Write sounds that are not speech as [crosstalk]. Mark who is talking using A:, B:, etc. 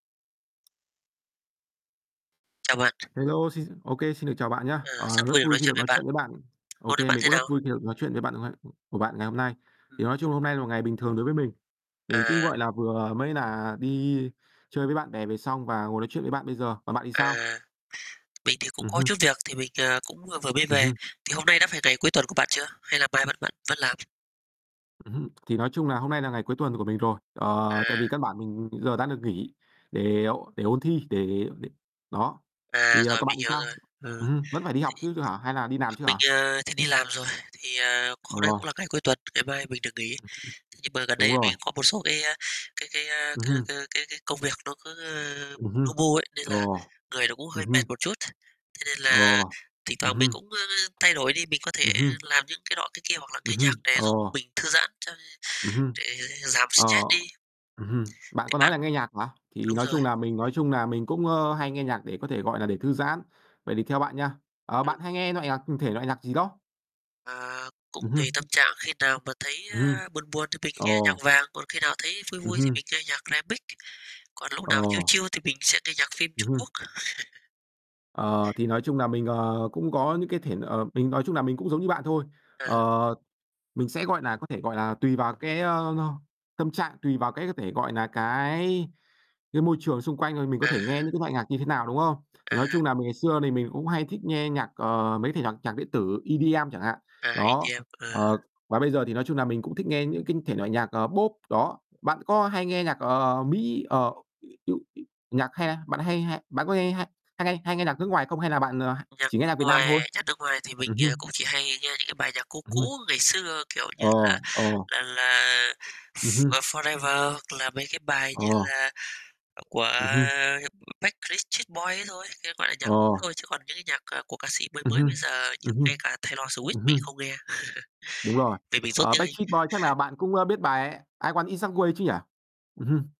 A: Chào bạn.
B: Hello xin ô kê, xin được chào bạn nhá.
A: Ờ, rất
B: Ờ, rất
A: vui được
B: vui
A: nói
B: khi
A: chuyện
B: được
A: với
B: nói chuyện
A: bạn.
B: với bạn. Ô
A: Hôm nay
B: kê,
A: bạn
B: mình
A: thế
B: cũng rất
A: nào?
B: vui khi được nói chuyện với bạn ngày của bạn ngày hôm nay.
A: Ừm.
B: Thì nói chung hôm nay là một ngày bình thường đối với mình.
A: À.
B: Mình cũng, gọi là, vừa mới là đi chơi với bạn bè về xong và ngồi nói chuyện với bạn bây giờ. Còn bạn thì
A: À,
B: sao?
A: mình thì cũng
B: Ừm
A: có
B: hưm.
A: chút việc, thì mình, ờ, cũng vừa mới
B: Ừm
A: về,
B: hưm.
A: thì hôm nay đã phải ngày cuối tuần của bạn chưa, hay là mai bạn vẫn vẫn làm?
B: Ừm hưm. Thì nói chung là hôm nay là ngày cuối tuần của mình rồi, ờ, tại vì căn
A: À.
B: bản mình giờ đã được nghỉ để ôn để ôn thi, để để đó.
A: À,
B: Thì, ờ,
A: rồi,
B: còn bạn
A: mình
B: thì
A: hiểu
B: sao?
A: rồi, ừm.
B: Ừm hưm, vẫn phải đi học
A: Thì
B: chứ hả, hay là đi làm chứ
A: mình,
B: hả?
A: ờ, thì đi làm rồi, thì, à, hôm nay
B: Ồ.
A: cũng là ngày cuối tuần, ngày mai mình được nghỉ.
B: Ừm, ừm.
A: Nhưng mà gần
B: Đúng
A: đây
B: rồi.
A: mình có một số cái, à, cái cái, à,
B: Ừm
A: c c
B: hưm.
A: cái cái công việc nó cứ, ơ,
B: Ừm hưm.
A: lu bu ấy nên là
B: Ồ.
A: người nó cũng
B: Ừm
A: hơi mệt
B: hưm.
A: một chút. Thế nên là
B: Ồ.
A: thỉnh
B: Ừm
A: thoảng mình
B: hưm.
A: cũng, ơ, thay đổi đi, mình có
B: Ừm
A: thể
B: hưm.
A: làm những cái nọ cái kia hoặc là
B: Ừm
A: nghe nhạc
B: hưm.
A: để giúp
B: Ồ.
A: mình thư giãn cho
B: Ừm hưm.
A: để giảm
B: Ờ.
A: stress đi.
B: Ừm hưm, bạn
A: Thế
B: có nói
A: bạn
B: là nghe nhạc hả? Thì
A: đúng
B: nói
A: rồi.
B: chung nà mình nói chung nà mình cũng, ơ, hay nghe nhạc để có thể, gọi nà, để thư giãn. Vậy thì theo bạn nha, ờ,
A: Ừm.
B: bạn hay nghe loại nhạc thể loại nhạc gì đó?
A: À, cũng
B: Ừm
A: tùy
B: hưm.
A: tâm trạng, khi nào mà thấy,
B: Ừm hưm.
A: a, buồn buồn thì mình nghe
B: Ồ.
A: nhạc Vàng, còn khi nào thấy vui
B: Ừm
A: vui thì
B: hưm.
A: mình nghe nhạc Remix, còn lúc nào chill
B: Ồ.
A: chill thì mình sẽ nghe nhạc phim
B: Ừm
A: Trung Quốc.
B: hưm.
A: [chuckles]
B: Ờ, thì nói chung nà mình, ờ, cũng có những cái thể ờ, mình nói chung nà mình cũng giống như bạn thôi.
A: À.
B: Ờ, mình sẽ, gọi nà, có thể, gọi là, tùy vào cái, ơ, tâm trạng, tùy vào cái có thể, gọi nà, cái cái môi trường xung quanh rồi mình có
A: À.
B: thể nghe những cái loại nhạc như thế nào, đúng không?
A: À
B: Thì nói
A: há.
B: chung là mình ngày xưa thì mình cũng hay thích nghe nhạc, ờ, mấy cái thể nhạc nhạc điện tử EDM chẳng hạn.
A: À,
B: Đó,
A: EDM. Ờ.
B: ờ, và bây giờ thì nói chung nà mình cũng thích nghe những cái thể loại nhạc, ờ, Pop đó. Bạn có hay nghe nhạc, ờ, Mỹ, ờ, [unintelligible] nhạc hay bạn hay hay bạn có nghe hay hay nghe hay nghe nhạc nước ngoài không, hay là bạn, ờ,
A: Nhạc
B: chỉ nghe
A: nước
B: nhạc Việt Nam thôi?
A: ngoài nhạc nước ngoài thì mình,
B: Ừm
A: ờ,
B: hưm.
A: cũng chỉ hay nghe những cái bài nhạc cũ
B: Ừm.
A: cũ ngày xưa, kiểu như là
B: Ồ, ồ.
A: là là,
B: Ừm
A: s
B: hưm.
A: ờ, Forever hoặc là mấy cái bài như
B: Ồ.
A: là, ờ, của,
B: Ừm hưm.
A: ờ, Backstreet Boys ấy thôi, gọi là, nhạc cũ
B: Ồ.
A: thôi. Chứ còn những cái nhạc, ờ, của ca sĩ mới
B: Ừm
A: mới bây
B: hưm.
A: giờ như
B: Ừm
A: ngay
B: hưm.
A: cả Taylor Swift
B: Ừm
A: mình
B: hưm.
A: không nghe,
B: Đúng
A: [chuckles]
B: rồi.
A: vì mình dốt
B: Ờ,
A: tiếng Anh.
B: Backstreet Boys, chắc là
A: [chuckles]
B: bạn cũng, ơ, biết bài "I Want It That Way" chứ nhỉ? Ừm hưm.